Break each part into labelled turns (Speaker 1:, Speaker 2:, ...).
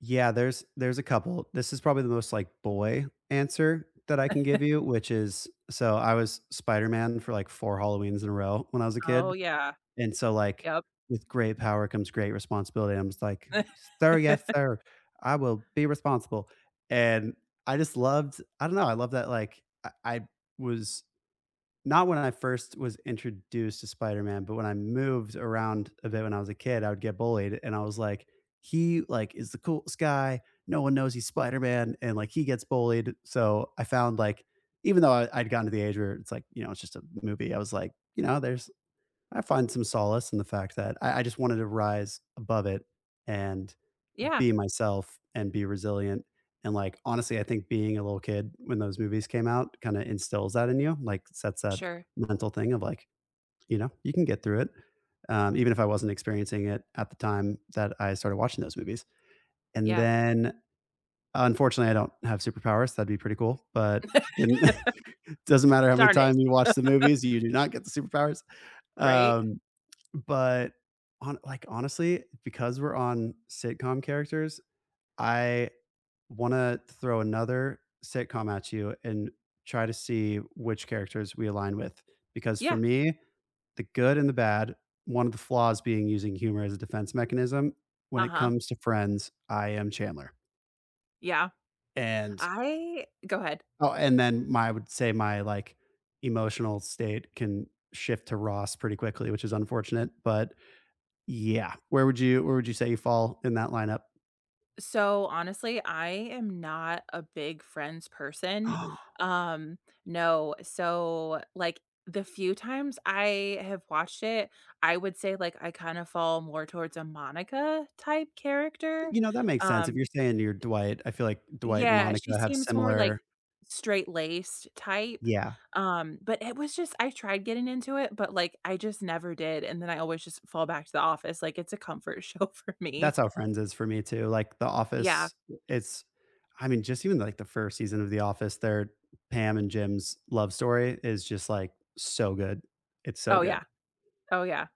Speaker 1: Yeah, there's there's a couple. This is probably the most, like, boy answer that I can give you, which is so I was Spider-Man for, like, 4 Halloweens in a row when I was a
Speaker 2: Oh,
Speaker 1: kid,
Speaker 2: yeah.
Speaker 1: and so, like,
Speaker 2: Yep.
Speaker 1: "With great power comes great responsibility." I'm just like, "Sir, yes, sir. I will be responsible," and I just loved I don't know. I loved that, like, I I was not when I first was introduced to Spider-Man, but when I moved around a bit when I was a kid, I would get bullied, and I was like, "He, like, is the coolest guy. No one knows he's Spider-Man, and like he gets bullied," so I found, like even though I I'd gotten to the age where it's like, you know, it's just a movie, I was like you know, there's I find some solace in the fact that I I just wanted to rise above it, and
Speaker 2: Yeah.
Speaker 1: be myself, and be resilient, and like honestly, I think being a little kid when those movies came out, kinda, instills that in you like, sets that
Speaker 2: Sure.
Speaker 1: mental thing of, like, you know, "You can get through it," um, even if I wasn't experiencing it at the time that I started watching those movies. And
Speaker 2: Yeah.
Speaker 1: then, unfortunately I don't have superpowers. That'd be pretty cool, but in doesn't matter how many
Speaker 2: Darn it.
Speaker 1: times you watch the movies, you do not get the superpowers.
Speaker 2: Right?
Speaker 1: Um, but hon like, honestly, because we're on sitcom characters, I wanna throw another sitcom at you and try to see which characters we align with, because for
Speaker 2: Yeah.
Speaker 1: me, the good and the bad one of the flaws being using humor as a defense mechanism, when it
Speaker 2: Uh-huh.
Speaker 1: comes to Friends, I am Chandler.
Speaker 2: Yeah.
Speaker 1: And
Speaker 2: I go ahead.
Speaker 1: Oh, and then my I would say my, like, emotional state can shift to Ross pretty quickly, which is unfortunate, but yeah. Where would you where would you say you fall in that lineup?
Speaker 2: So honestly, I am not a big Friends person. Um, no. So, like, the few times I have watched it, I would say, like, I kinda fall more towards a Monica-type character.
Speaker 1: You know, that makes sense. If you're
Speaker 2: Um
Speaker 1: saying you're Dwight, I feel like Dwight and
Speaker 2: Yeah, she
Speaker 1: Monica have
Speaker 2: seems more, like,
Speaker 1: similar
Speaker 2: straight-laced type,
Speaker 1: Yeah.
Speaker 2: um, but it was just I tried getting into it, but, like, I just never did, and then I always just fall back to The Office, like, it's a comfort show for me.
Speaker 1: That's how Friends is for me too like, The
Speaker 2: Yeah.
Speaker 1: Office is I mean, just even, like, the 1st season of The Office there, Pam and Jim's love story is just, like, so good. It's so
Speaker 2: Oh, yeah.
Speaker 1: good.
Speaker 2: Oh, yeah.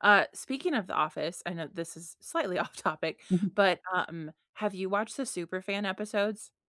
Speaker 2: Uh, speaking of The Office, I know this is slightly off topic,
Speaker 1: Mhm.
Speaker 2: but, um, have you watched the Superfan episodes?